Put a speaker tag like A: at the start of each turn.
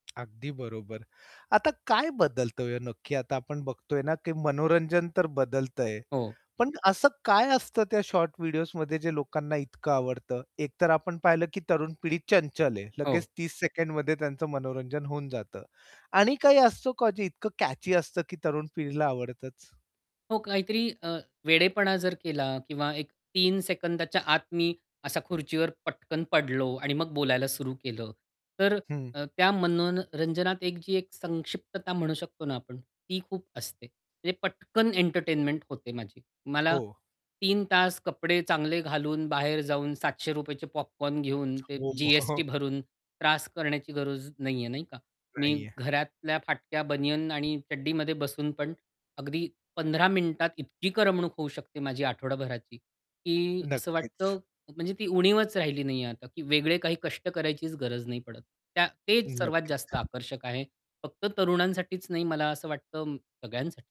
A: अगदी बरोबर. आता काय बदलतंय ओ, नक्की आता आपण बघतोय ना, की मनोरंजन तर बदलतंय
B: हो.
A: पण असं काय असतं त्या शॉर्ट व्हिडिओजमध्ये जे लोकांना इतकं आवडतं? एकतर आपण पाहिलं, की तरुण पिढी चंचल आहे. लगेच
B: हो.
A: 30 सेकंडमध्ये त्यांचं मनोरंजन होऊन जातं आणि काही असतं का जे इतकं कॅची असतं, की तरुण पिढीला आवडतंच.
B: हो. काहीतरी अ, वेडेपणा जर केला किंवा 3 सेकंदाच्या आत मी असा खुर्चीवर पटकन पडलो. आणि मग बोलायला सुरू केलं. तर
A: हं.
B: अ, अ, त्या मनो न रंजनात एक जी एक संक्षिप्तता म्हणू शकतो ना आपण, ती खूप असते. म्हणजे पटकन एंटरटेनमेंट होते माझी. मला
A: हो.
B: 3 तास कपडे चांगले घालून बाहेर जाऊन ₹700 चे पॉपकॉर्न घेऊन ते
A: हो.
B: जी-एस-टी भरून त्रास करण्याची गरज नाहीये. नाही का? मी
A: नाहीये.
B: घरातल्या फाटक्या बनियन आणि चड्डीमध्ये बसून पण अगदी 15 मिनिटात इतकी करमणूक होऊ शकते माझी आठवडाभराची. की असं
A: नक्कीच.
B: वाटतं म्हणजे ती उणीवच राहिली नाहीये आता, की वेगळे काही कष्ट करायचीच गरज नाही पडत. त्या तेच सर्वात जास्त
A: नक्कीच.
B: आकर्षक आहे. फक्त तरुणांसाठीच नाही, मला असं वाटतं सगळ्यांसाठी.